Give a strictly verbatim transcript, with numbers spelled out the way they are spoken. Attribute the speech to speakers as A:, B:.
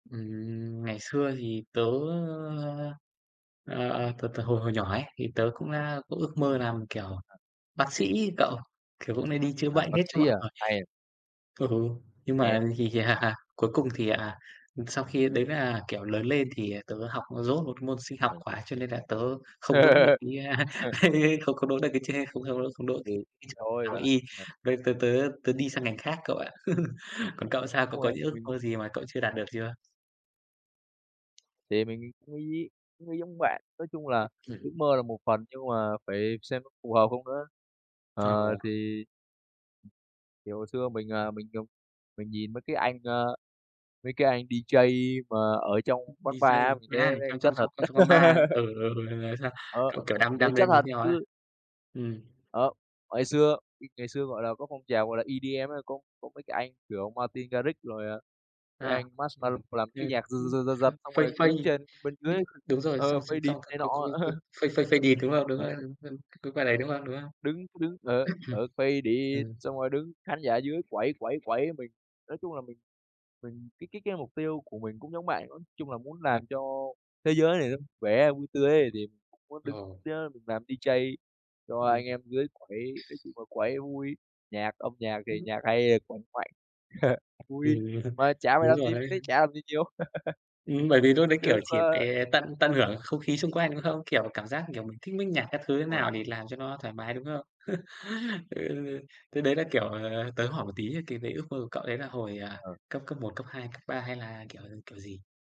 A: Ừm, ngày xưa thì tớ, ơ ờ, ờ, từ từ hồi hồi nhỏ ấy, thì tớ cũng đã có ước mơ làm, kiểu,
B: [unintelligible]
A: bác sĩ ấy cậu. Kiểu cũng hay đi chữa
B: À,
A: bệnh
B: bác
A: hết cho
B: sĩ
A: mọi
B: à,
A: người.
B: hay à.
A: Ừ, nhưng
B: Hay
A: mà
B: đấy.
A: thì, à, cuối cùng thì, à, sau khi đấy là, kiểu, lớn lên thì tớ học dốt một môn Sinh học
B: Rồi.
A: quá. Cho nên là tớ không đỗ được cái, a
B: Ờ.
A: không không đỗ được cái tr không không không đỗ
B: Thì
A: cái cái
B: thì
A: trường Đại
B: thôi
A: học
B: bạn ạ.
A: Y,
B: Ờ.
A: với tớ tớ tớ đi sang ngành khác cậu ạ. Còn cậu sao, cậu
B: Đúng
A: có
B: rồi,
A: những ước
B: mình
A: mơ gì mà cậu chưa đạt được chưa?
B: Thì mình cũng nghĩ cũng nghĩ giống bạn. Nói chung là
A: Ừm,
B: ước
A: ừm.
B: mơ là một phần, nhưng mà phải xem có phù hợp không nữa.
A: Ờ.
B: Ờ, thì thì hồi xưa mình, à, mình không mình nhìn mấy cái anh, ơ, mấy cái anh D-J mà ở trong quán bar á,
A: D-J
B: mình thấy mấy
A: á,
B: anh đấy
A: trong trong
B: chất thật.
A: trong trong quán bar. Ừ, ừ, đấy, đấy, sao
B: Ờ,
A: cậu, kiểu, đam
B: mình thấy
A: đam
B: chất
A: đêm muốn
B: thật,
A: theo ha?
B: cứ
A: Ừm.
B: Đó, hồi xưa bị ngày xưa, gọi là, có phong trào, gọi là, EDM có có mấy cái anh, kiểu, Martin Garrix rồi, à, mấy
A: À,
B: anh
A: ừm,
B: Marshmello làm cái
A: ừm,
B: nhạc giật,
A: ưm,
B: giật, giật, giật,
A: hưm,
B: xong rồi
A: "Fade
B: đứng
A: Fade
B: trên bên
A: d"
B: dưới
A: đúng rồi.
B: ờ,
A: Xong xong
B: "Faded"
A: xong cậu
B: này
A: có có
B: nọ.
A: có "Fade Fade Faded," đúng hông? Đúng
B: Ừ.
A: rồi, c cái quả đấy,
B: Ừm,
A: đúng hông, đúng hông?
B: đứng, cứ đứng ở ở "Faded,"
A: Ừm.
B: xong rồi đứng khán giả dưới quẩy, quẩy, quẩy mình nói chung là mình mình cái cái cái mục tiêu của mình cũng giống bạn. Nói chung là muốn làm cho thế giới này nó vui vẻ, vui tươi ấy đẹp, thì cũng muốn đứng,
A: Ờ.
B: ơ, mình làm D-J cho
A: Ừm.
B: anh em dưới quẩy. Nói chung là quẩy vui, nhạc âm nhạc thì
A: Ừm.
B: nhạc hay thì quằn quẩy vui,
A: Ừm,
B: mà chả phải
A: đúng
B: làm gì,
A: rồi
B: mình
A: đấy.
B: thấy chả làm gì nhiều.
A: Ừm, bởi vì lúc đấy,
B: Cứ
A: kiểu,
B: ước
A: chỉ
B: mơ.
A: phải tận tận hưởng không khí xung quanh, đúng không? Kiểu, cảm giác, kiểu, mình thích mit nhạc các thứ thế
B: Đúng rồi.
A: nào để làm cho nó thoải mái, đúng không? Ừ, thế đấy là, kiểu, ờ, tớ hỏi một tí cái cái ước mơ của cậu đấy là hồi, ờ,
B: Ờ.
A: cấp cấp một, cấp hai, cấp ba hay là, kiểu, kiểu gì?